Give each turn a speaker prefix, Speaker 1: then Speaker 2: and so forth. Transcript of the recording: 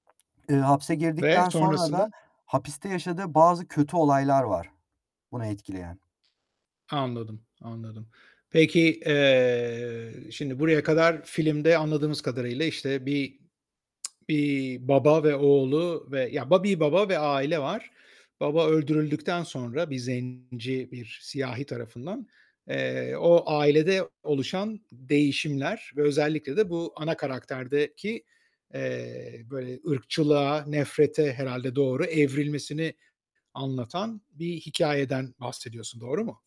Speaker 1: Iıı, hapse
Speaker 2: Ve
Speaker 1: girdikten sonra da
Speaker 2: sonrasını?
Speaker 1: hapiste yaşadığı bazı kötü olaylar var bunu etkileyen.
Speaker 2: Anladım, anladım. Peki, eee, şimdi buraya kadar filmde anladığımız kadarıyla, işte, bir, eee, baba ve oğlu ve ya, ba bir baba ve aile var. Baba öldürüldükten sonra bir zenci, bir siyahi tarafından, eee, o ailede oluşan değişimler ve özellikle de bu ana karakterdeki, eee, böyle ırkçılığa, nefrete herhâlde doğru evrilmesini anlatan bir hikâyeden bahsediyorsun. Doğru mu?